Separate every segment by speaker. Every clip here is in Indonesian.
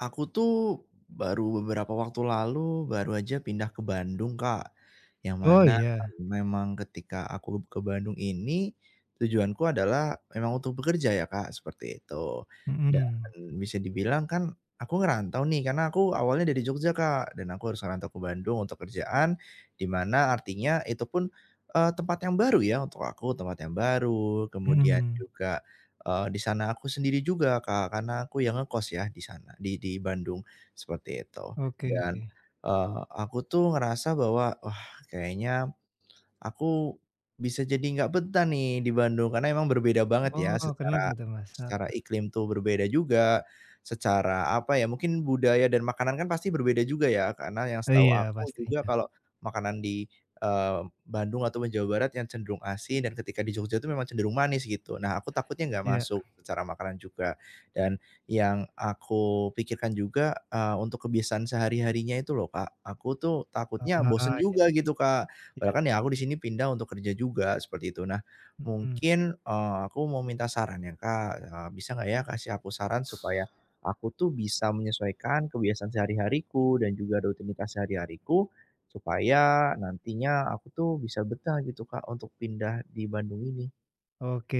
Speaker 1: Aku, tuh, baru beberapa waktu lalu, baru aja pindah ke Bandung, Kak. Yang
Speaker 2: Oh,
Speaker 1: mana,
Speaker 2: iya?
Speaker 1: memang ketika aku ke Bandung ini tujuanku adalah memang untuk bekerja, ya, Kak, seperti itu. Dan,
Speaker 2: Mhm.
Speaker 1: bisa dibilang, kan, aku ngerantau, nih. Karena aku awalnya dari Jogja, Kak, dan aku harus ngerantau ke Bandung untuk kerjaan. Di mana, artinya, itu pun, eee, tempat yang baru, ya, untuk aku. Tempat yang baru. Kemudian
Speaker 2: Mmm.
Speaker 1: juga, eee, di sana aku sendiri juga, Kak. Karena aku yang ngekos, ya, di sana di di Bandung, seperti itu.
Speaker 2: Oke,
Speaker 1: Dan,
Speaker 2: ke
Speaker 1: eee, aku tuh ngerasa bahwa wah, kayaknya aku bisa jadi enggak betah, nih, di Bandung, karena emang berbeda banget, ya,
Speaker 2: Oh, kenapa,
Speaker 1: secara
Speaker 2: tuh, Mas?
Speaker 1: secara
Speaker 2: Apa?
Speaker 1: iklim, tuh, berbeda juga, secara apa, ya, mungkin budaya dan makanan, kan, pasti berbeda juga, ya. Karena yang setahu
Speaker 2: Iya,
Speaker 1: aku juga
Speaker 2: pastinya.
Speaker 1: kalau makanan di, eee, Bandung ataupun Jawa Barat yang cenderung asin, dan ketika di Jogja itu memang cenderung manis, gitu. Nah, aku takutnya enggak
Speaker 2: Iya.
Speaker 1: masuk secara makanan juga, dan yang aku pikirkan juga, eee, untuk kebiasaan sehari-harinya itu, loh, Kak. Aku, tuh,
Speaker 2: Ah,
Speaker 1: takutnya bosan
Speaker 2: iya.
Speaker 1: juga, gitu, Kak.
Speaker 2: Iya.
Speaker 1: Padahal, kan, ya, aku di sini pindah untuk kerja juga, seperti itu. Nah,
Speaker 2: Mmm.
Speaker 1: mungkin, eee, aku mau minta sarannya, Kak, eee, bisa enggak, ya, kasih aku saran supaya aku, tuh, bisa menyesuaikan kebiasaan sehari-hariku dan juga rutinitas sehari-hariku, supaya nantinya aku, tuh, bisa betah, gitu, Kak, untuk pindah di Bandung ini.
Speaker 2: Oke,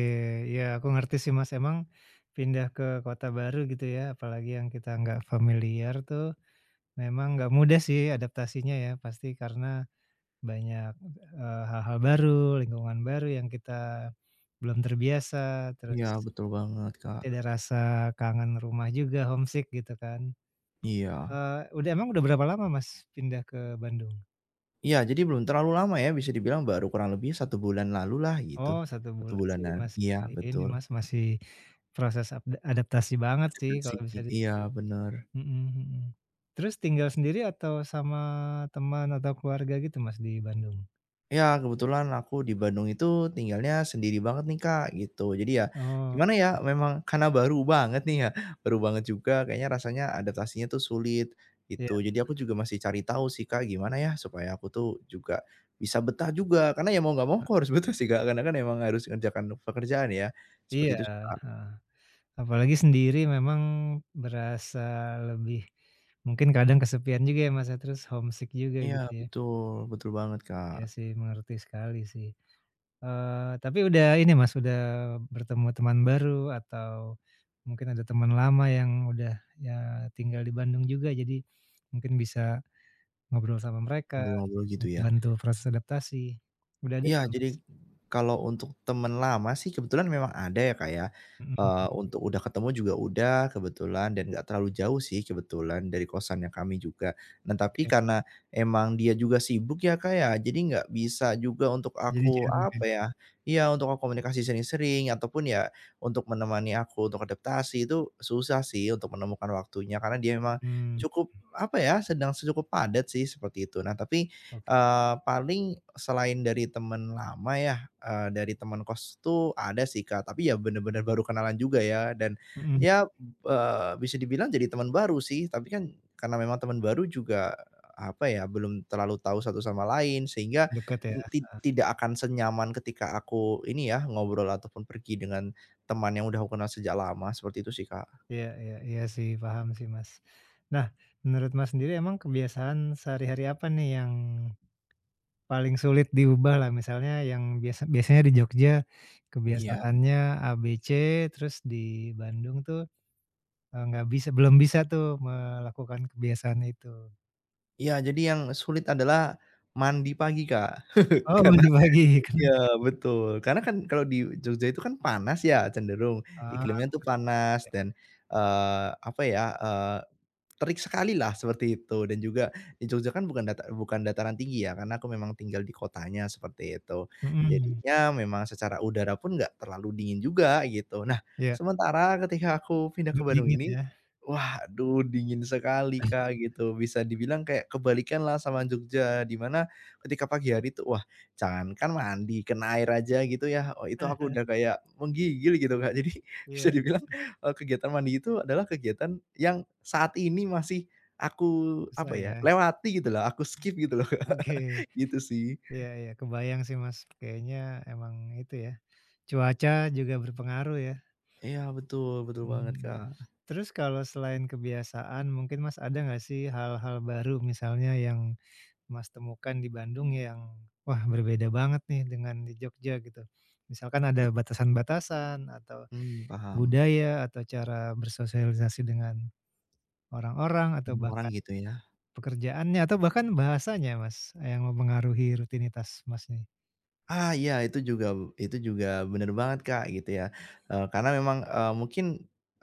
Speaker 2: ya aku ngerti sih, Mas, emang pindah ke kota baru gitu ya, apalagi yang kita nggak familiar tuh memang nggak mudah sih adaptasinya ya. Pasti karena banyak, eee, hal-hal baru lingkungan baru yang kita belum terbiasa terus
Speaker 1: Iya betul banget,
Speaker 2: masih ada
Speaker 1: Kak.
Speaker 2: rasa kangen rumah juga, homesick gitu kan.
Speaker 1: Iya.
Speaker 2: Eee, udah emang udah berapa lama, Mas, pindah ke Bandung?
Speaker 1: Iya jadi belum terlalu lama ya bisa dibilang baru kurang lebih 1 bulan lalu lah
Speaker 2: Oh
Speaker 1: gitu.
Speaker 2: 1
Speaker 1: 1
Speaker 2: bulan sih
Speaker 1: bulanan.
Speaker 2: masih
Speaker 1: Iya
Speaker 2: ini,
Speaker 1: betul.
Speaker 2: Mas, masih proses apda adaptasi banget sih kalau bisa
Speaker 1: [unintelligible] Iya
Speaker 2: [unintelligible]
Speaker 1: benar.
Speaker 2: mhm mhm. Terus tinggal sendiri atau sama teman atau keluarga gitu, Mas, di Bandung?
Speaker 1: Ya kebetulan aku di Bandung itu tinggalnya sendiri banget nih, Kak, gitu. Jadi ya
Speaker 2: Oh.
Speaker 1: gimana ya,
Speaker 2: [unintelligible]
Speaker 1: memang karena baru banget nih ya, baru banget juga kayaknya rasanya adaptasinya tuh sulit,
Speaker 2: Iya.
Speaker 1: gitu. Jadi aku juga masih cari tahu sih, Kak, gimana ya supaya aku tuh juga bisa betah juga, karena ya mau enggak mau aku
Speaker 2: Heeh.
Speaker 1: harus betah sih, Kak, karena kan emang harus ngerjakan pekerjaan ya, seperti
Speaker 2: Iya,
Speaker 1: itu sih, Kak.
Speaker 2: eee, apalagi sendiri memang berasa lebih, mungkin kadang kesepian juga ya Mas ya terus homesick juga
Speaker 1: Iya
Speaker 2: gitu ya?
Speaker 1: betul betul banget,
Speaker 2: Iya
Speaker 1: Kak.
Speaker 2: sih mengerti sekali sih. Eee, tapi udah ini, Mas, udah bertemu teman baru atau mungkin ada teman lama yang udah ya, eee, tinggal di Bandung juga jadi mungkin bisa ngobrol sama mereka,
Speaker 1: Ngobrol-ngobrol gitu ya?
Speaker 2: bantu proses adaptasi. Udah ada
Speaker 1: Iya
Speaker 2: belum, Mas?
Speaker 1: jadi kalau untuk teman lama sih kebetulan memang ada ya, Kak, ya.
Speaker 2: Mhm.
Speaker 1: Eee, untuk udah ketemu juga udah kebetulan dan enggak terlalu jauh sih kebetulan dari kosannya kami juga. Nah tapi
Speaker 2: Oke.
Speaker 1: karena emang dia juga sibuk ya, Kak, ya, jadi enggak bisa juga untuk aku, apa
Speaker 2: [unintelligible]
Speaker 1: ya iya untuk berkomunikasi sering-sering, ataupun ya untuk menemani aku untuk adaptasi itu susah sih untuk menemukan waktunya karena dia emang
Speaker 2: Mmm.
Speaker 1: cukup apa ya, sedang cukup padat sih seperti itu. Nah tapi,
Speaker 2: Oke.
Speaker 1: eee, paling selain dari teman lama ya, eee, dari teman kos tuh ada sih, Kak, tapi ya benar-benar baru kenalan juga ya dan
Speaker 2: Mmm.
Speaker 1: ya, eee, bisa dibilang jadi teman baru sih, tapi kan karena memang teman baru juga apa ya, belum terlalu tahu satu sama lain sehingga
Speaker 2: Dekat ya.
Speaker 1: ti
Speaker 2: Heeh
Speaker 1: tidak akan senyaman ketika aku ini ya, ngobrol ataupun pergi dengan teman yang udah aku kenal sejak lama seperti itu sih, Kak.
Speaker 2: Iya iya iya sih, paham sih, Mas. Nah menurut, Mas, sendiri emang kebiasaan sehari-hari apa nih yang paling sulit diubah lah, misalnya yang biasa biasanya di Jogja
Speaker 1: Iya.
Speaker 2: kebiasaannya A, B, C, terus di Bandung tuh, eee, nggak bisa belum bisa tuh melakukan kebiasaan itu?
Speaker 1: Iya, jadi yang sulit adalah mandi pagi Kak,
Speaker 2: Oh
Speaker 1: karena
Speaker 2: mandi pagi, kan.
Speaker 1: iya betul. Karena, kan, kalau di Jogja itu, kan, panas, ya, cenderung
Speaker 2: Oh,
Speaker 1: iklimnya, tuh, panas
Speaker 2: oke.
Speaker 1: dan, eee, apa ya, eee, terik sekalilah seperti itu, dan juga di Jogja, kan, bukan data bukan dataran tinggi, ya, karena aku memang tinggal di kotanya seperti itu.
Speaker 2: Mhm.
Speaker 1: Jadinya memang secara udara pun enggak terlalu dingin juga gitu. Nah,
Speaker 2: Iya.
Speaker 1: sementara ketika aku pindah ke
Speaker 2: Jog
Speaker 1: Bandung
Speaker 2: dingin
Speaker 1: ini,
Speaker 2: ya.
Speaker 1: waduh dingin sekali Kak, gitu bisa dibilang kayak kebalikanlah sama Jogja, di mana ketika pagi hari itu wah jangankan mandi, kena air aja gitu, ya, oh, itu aku udah kayak menggigil gitu Kak. Jadi bisa
Speaker 2: Iya,
Speaker 1: dibilang,
Speaker 2: iya.
Speaker 1: eee, kegiatan mandi itu adalah kegiatan yang saat ini masih aku
Speaker 2: Susah
Speaker 1: apa ya
Speaker 2: ya.
Speaker 1: lewati gitu loh, aku skip gitu loh,
Speaker 2: Oke.
Speaker 1: gitu, sih.
Speaker 2: Iya iya. Kebayang sih Mas, kayaknya emang itu ya, cuaca juga berpengaruh ya.
Speaker 1: Iya betul, betul banget
Speaker 2: Mhm.
Speaker 1: Kak.
Speaker 2: Terus kalau selain kebiasaan mungkin Mas, ada nggak sih hal-hal baru misalnya yang Mas, temukan di Bandung yang, wah berbeda banget nih dengan di Jogja gitu? Misalkan ada batasan-batasan, atau
Speaker 1: Hmm, paham.
Speaker 2: budaya, atau cara bersosialisasi dengan, orang-orang atau
Speaker 1: Mmm, orang
Speaker 2: bahkan
Speaker 1: gitu ya?
Speaker 2: pekerjaannya atau bahkan bahasanya Mas, yang mempengaruhi rutinitas Mas nih?
Speaker 1: Ah, iya, itu juga wu itu juga benar banget, Kak, gitu ya. Eee, karena memang, eee, mungkin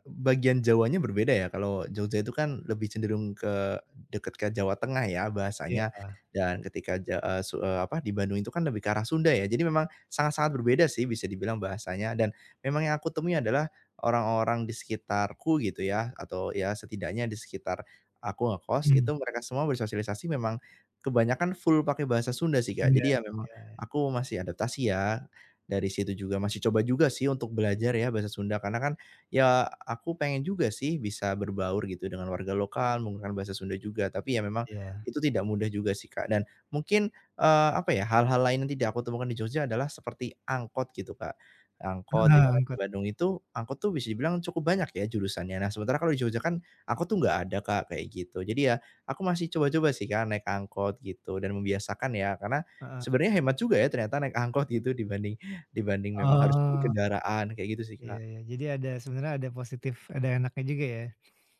Speaker 1: bagian Jawanya berbeda ya, kalau Jogja itu kan lebih cenderung ke, dekat ke Jawa Tengah ya
Speaker 2: Iya,
Speaker 1: bahasanya.
Speaker 2: Kak.
Speaker 1: Dan ketika ja eee, su eee, apa di Bandung itu kan, lebih ke arah Sunda ya. Jadi memang sangat-sangat berbeda sih, bisa dibilang bahasanya. Dan memang yang aku temui adalah orang-orang di sekitarku gitu ya, atau ya setidaknya di sekitar aku ngekos, itu
Speaker 2: Mhm.
Speaker 1: mereka semua bersosialisasi memang kebanyakan full pakai bahasa Sunda sih, Kak.
Speaker 2: Enggak,
Speaker 1: Jadi ya memang,
Speaker 2: ya.
Speaker 1: aku masih adaptasi ya. Dari situ juga masih coba juga sih, untuk belajar ya bahasa Sunda. Karena kan, ya, aku pengen juga sih bisa berbaur gitu dengan warga lokal menggunakan bahasa Sunda juga, tapi ya memang
Speaker 2: Iya.
Speaker 1: itu tidak mudah juga sih, Kak. Dan mungkin, eee, apa ya, hal-hal lain yang tidak aku temukan di Jogja adalah seperti angkot gitu, Kak. Angkot
Speaker 2: Iya,
Speaker 1: di mana di
Speaker 2: angkot.
Speaker 1: Bandung itu, angkot tuh bisa dibilang cukup banyak ya jurusannya. Nah, sementara kalau di Jogja kan, angkot tuh enggak ada, Kak, kayak gitu. Jadi ya, aku masih coba-coba sih, Kak, naik angkot gitu dan membiasakan ya, karena
Speaker 2: Heeh.
Speaker 1: sebenarnya hemat juga ya ternyata naik angkot gitu dibanding dibanding memang harus beli
Speaker 2: Oh.
Speaker 1: kendaraan, kayak gitu sih,
Speaker 2: Iya
Speaker 1: Kak.
Speaker 2: iya. Jadi ada, sebenarnya ada positif, ada enaknya juga ya?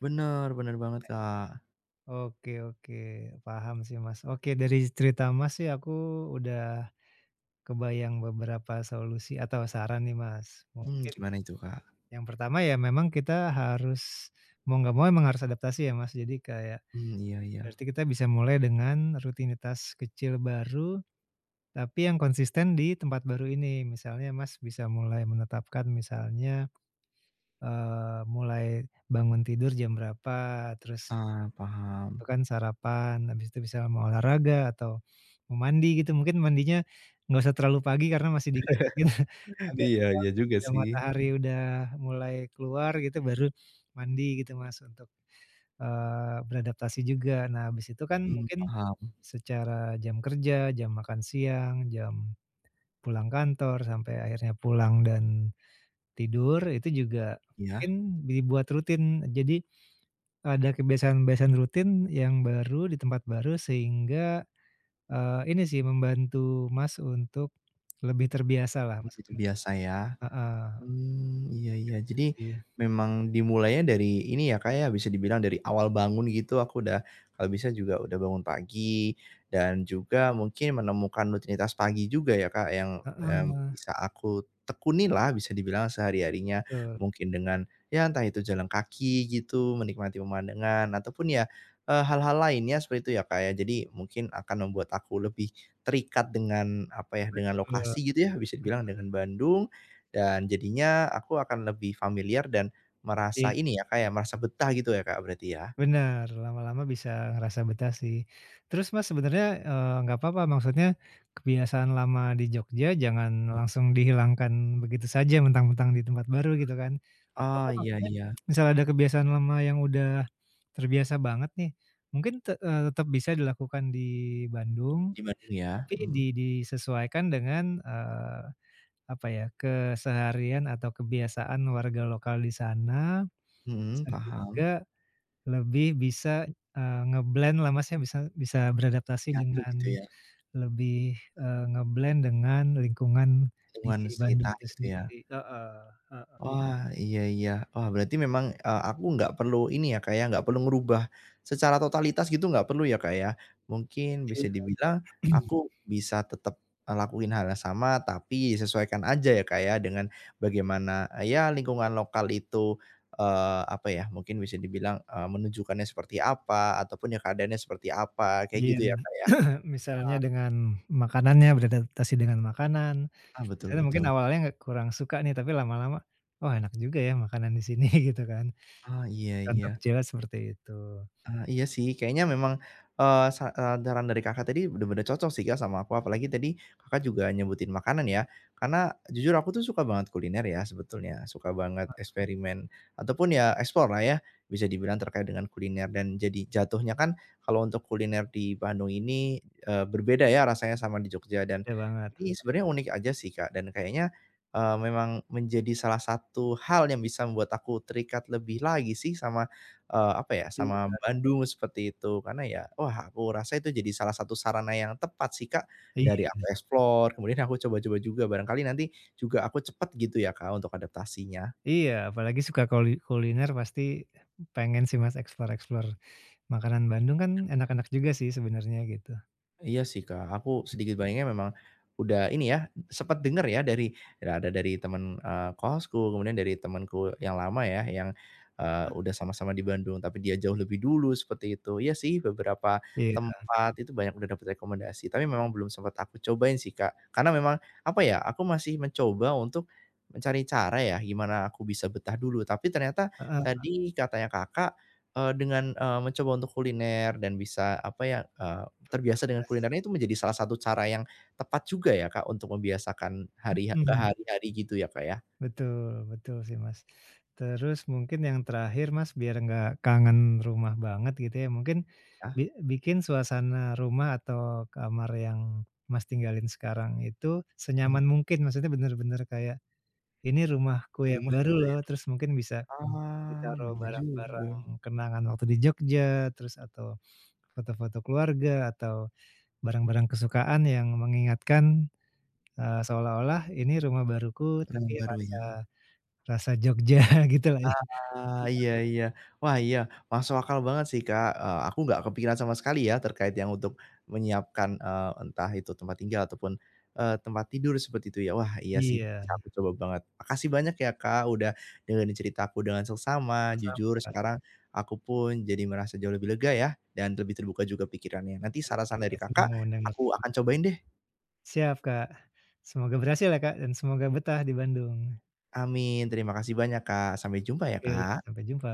Speaker 1: Bener, bener banget, Kak.
Speaker 2: Oke oke, paham sih, Mas. Oke, dari cerita, Mas, sih aku udah kebayang beberapa solusi atau saran nih, Mas.
Speaker 1: Mmm,
Speaker 2: Mungkin,
Speaker 1: gimana itu, Kak?
Speaker 2: yang pertama ya memang kita harus, mau enggak mau memang harus adaptasi ya, Mas. Jadi kayak
Speaker 1: Mmm, iya iya.
Speaker 2: berarti kita bisa mulai dengan rutinitas kecil baru. Tapi yang konsisten di tempat baru ini. Misalnya, Mas, bisa mulai menetapkan misalnya, eee, mulai bangun tidur jam berapa, terus
Speaker 1: Ah, paham.
Speaker 2: tentukan sarapan, habis itu misalnya mau olahraga atau mau mandi gitu. Mungkin mandinya, enggak usah terlalu pagi, karena masih dingin dingin. Agak
Speaker 1: Iya
Speaker 2: siang
Speaker 1: iya
Speaker 2: pas
Speaker 1: juga
Speaker 2: ada
Speaker 1: sih.
Speaker 2: matahari udah mulai keluar gitu, baru mandi gitu, Mas, untuk, eee, beradaptasi juga. Nah, habis itu kan
Speaker 1: Mmm,
Speaker 2: mungkin,
Speaker 1: paham.
Speaker 2: secara jam kerja, jam makan siang, jam pulang kantor sampai akhirnya pulang dan tidur, Itu juga
Speaker 1: Iya.
Speaker 2: mungkin dibuat rutin. Jadi, ada kebiasaan-kebiasaan rutin yang baru di tempat baru sehingga, eee, ini sih, membantu, Mas, untuk lebih terbiasa lah
Speaker 1: I itu
Speaker 2: maksudnya.
Speaker 1: biasa ya.
Speaker 2: Heeh.
Speaker 1: Mmm, iya
Speaker 2: Iya,
Speaker 1: iya.
Speaker 2: gitu
Speaker 1: Jadi,
Speaker 2: sih.
Speaker 1: memang dimulainya dari ini ya, Kak, ya, bisa dibilang dari awal bangun gitu, aku udah kalau bisa juga udah bangun pagi, dan juga mungkin menemukan rutinitas pagi juga ya, Kak, yang, yam
Speaker 2: Heeh.
Speaker 1: bisa aku tekuni lah bisa dibilang sehari-harinya.
Speaker 2: Bet
Speaker 1: Mungkin dengan, ya entah itu jalan kaki gitu, menikmati pemandangan, ataupun ya, eee, hal-hal lainnya seperti itu ya, Kak, ya. Jadi mungkin akan membuat aku lebih terikat dengan, apa ya, dengan
Speaker 2: Betul, mhm.
Speaker 1: lokasi gitu ya, bisa dibilang dengan Bandung. Dan jadinya aku akan lebih familiar dan merasa
Speaker 2: Iya.
Speaker 1: ini ya, Kak, ya, merasa betah gitu ya, Kak, berarti ya?
Speaker 2: Bener, lama-lama bisa ngerasa betah sih. Terus, Mas, sebenarnya, eee, enggak papa maksudnya, kebiasaan lama di Jogja jangan langsung dihilangkan begitu saja, mentang-mentang di tempat baru gitu kan. Enggak
Speaker 1: Oh,
Speaker 2: papa
Speaker 1: iya
Speaker 2: maksudnya,
Speaker 1: iya.
Speaker 2: misalnya ada kebiasaan lama yang udah terbiasa banget nih. Mungkin te eee, tetap bisa dilakukan di Bandung
Speaker 1: Di Bandung ya,
Speaker 2: tapi di
Speaker 1: mhm.
Speaker 2: disesuaikan dengan, eee, apa ya, keseharian atau kebiasaan warga lokal di sana
Speaker 1: Mhm, paham.
Speaker 2: sehingga lebih bisa, eee, nge-blend lah, Mas, ya. Bisa bisa beradaptasi
Speaker 1: Nyatu
Speaker 2: dengan
Speaker 1: gitu ya?
Speaker 2: lebih, eee, nge-blend dengan lingkungan di
Speaker 1: Lingkungan
Speaker 2: Bandung
Speaker 1: sekitar
Speaker 2: itu
Speaker 1: gitu ya.
Speaker 2: sendiri heeh, heeh.
Speaker 1: Wah, iya iya. Wah, berarti memang, eee, aku nggak perlu ini ya, Kak, ya, enggak perlu ngerubah secara totalitas gitu, nggak perlu ya, Kak, ya. Mungkin
Speaker 2: Iya.
Speaker 1: bisa dibilang, aku bisa tetap, eee, lakuin hal yang sama tapi sesuaikan aja ya, Kak, ya, dengan bagaimana, ya lingkungan lokal itu, eee, apa ya. Mungkin bisa dibilang, eee, menunjukkannya seperti apa, ataupun ya keadaannya seperti apa. Kayak
Speaker 2: Iya,
Speaker 1: gitu ya, Kak, ya?
Speaker 2: misalnya
Speaker 1: Heeh.
Speaker 2: dengan makanannya beradaptasi dengan makanan.
Speaker 1: Ah, betul
Speaker 2: Misalnya mungkin
Speaker 1: betul.
Speaker 2: awalnya ngga kurang suka nih, tapi lama-lama, wah, enak juga ya makanan di sini gitu kan.
Speaker 1: Oh, iya
Speaker 2: Contoh
Speaker 1: iya.
Speaker 2: kecilnya seperti itu.
Speaker 1: Eee, iya sih. Kayaknya memang, eee, sa saran dari Kakak tadi benar-benar cocok sih, Kak, sama aku. Apalagi tadi Kakak juga nyebutin makanan ya. Karena, jujur aku tuh suka banget kuliner ya sebetulnya, suka banget
Speaker 2: Heeh.
Speaker 1: eksperimen, ataupun ya explore lah ya, bisa dibilang terkait dengan kuliner, dan jadi jatuhnya kan kalau untuk kuliner di Bandung ini, eee, berbeda ya rasanya sama di Jogja. Dan
Speaker 2: Beda banget.
Speaker 1: ini sebenarnya unik aja sih, Kak, dan kayaknya, eee, memang menjadi salah satu hal yang bisa membuat aku terikat lebih lagi sih sama, eee, apa ya, sama
Speaker 2: Iya.
Speaker 1: Bandung seperti itu. Karena ya, wah, aku rasa itu jadi salah satu sarana yang tepat sih, Kak, dari
Speaker 2: Iya.
Speaker 1: aku explore, kemudian aku coba-coba juga, barangkali nanti juga aku cepet gitu ya, Kak, untuk adaptasinya.
Speaker 2: Iya, apalagi suka koli kuliner, pasti pengen sih, Mas, explore-explore. Makanan Bandung kan enak-enak juga sih sebenarnya, gitu.
Speaker 1: Iya sih Kak aku sedikit banyaknya memang udah ini ya, sempat dengar ya, dari ya ada dari teman, eee, kosku kemudian dari temanku yang lama ya yang, eee,
Speaker 2: Mmm.
Speaker 1: udah sama-sama di Bandung, tapi dia jauh lebih dulu seperti itu. Iya sih beberapa
Speaker 2: Iya.
Speaker 1: tempat itu banyak udah dapat rekomendasi, tapi memang belum sempat aku cobain sih Kak, karena memang apa ya aku masih mencoba untuk mencari cara ya, gimana aku bisa betah dulu, tapi ternyata
Speaker 2: Heeh Kak.
Speaker 1: tadi katanya Kakak, eee, dengan, eee, mencoba untuk kuliner dan bisa apa ya, eee, terbiasa dengan
Speaker 2: Rutinitas.
Speaker 1: kulinernya itu menjadi salah satu cara yang tepat juga ya Kak untuk membiasakan hari ke
Speaker 2: Mhm.
Speaker 1: hari-hari gitu ya Kak ya.
Speaker 2: Betul, betul sih Mas. Terus mungkin yang terakhir Mas biar nggak kangen rumah banget gitu ya, mungkin
Speaker 1: Ya.
Speaker 2: bi bikin suasana rumah atau kamar yang Mas tinggalin sekarang itu
Speaker 1: Mmm.
Speaker 2: senyaman mungkin, maksudnya bener-bener kayak ini rumahku
Speaker 1: Di
Speaker 2: yang
Speaker 1: rumah
Speaker 2: baru
Speaker 1: gitu
Speaker 2: loh,
Speaker 1: ya?
Speaker 2: terus mungkin bisa
Speaker 1: Ah
Speaker 2: ditaruh
Speaker 1: bener juga.
Speaker 2: barang-barang kenangan waktu di Jogja, terus atau foto-foto keluarga, atau barang-barang kesukaan yang mengingatkan, eee, seolah-olah ini rumah baruku
Speaker 1: Rumah
Speaker 2: tapi
Speaker 1: baru
Speaker 2: rasa
Speaker 1: ya.
Speaker 2: rasa Jogja gitulah ya.
Speaker 1: Ah
Speaker 2: [unintelligible]
Speaker 1: iya iya. Wah iya masuk akal banget sih Kak, eee, aku nggak kepikiran sama sekali ya terkait yang untuk menyiapkan, eee, entah itu tempat tinggal ataupun, eee, tempat tidur seperti itu ya, wah iya sih
Speaker 2: Iya.
Speaker 1: bisa aku coba banget. Makasih banyak ya Kak udah dengerin cerita aku dengan seksama,
Speaker 2: Sama-sama
Speaker 1: jujur
Speaker 2: Kak.
Speaker 1: sekarang aku pun jadi merasa jauh lebih lega ya, dan lebih terbuka juga pikirannya. Nanti
Speaker 2: Oke.
Speaker 1: saran-saran dari Kakak aku
Speaker 2: [unintelligible]
Speaker 1: akan cobain deh.
Speaker 2: Siap Kak. Semoga berhasil ya Kak dan semoga betah di Bandung.
Speaker 1: Amin. Terima kasih banyak Kak. Sampai jumpa ya
Speaker 2: Oke
Speaker 1: Kak.
Speaker 2: sampai jumpa.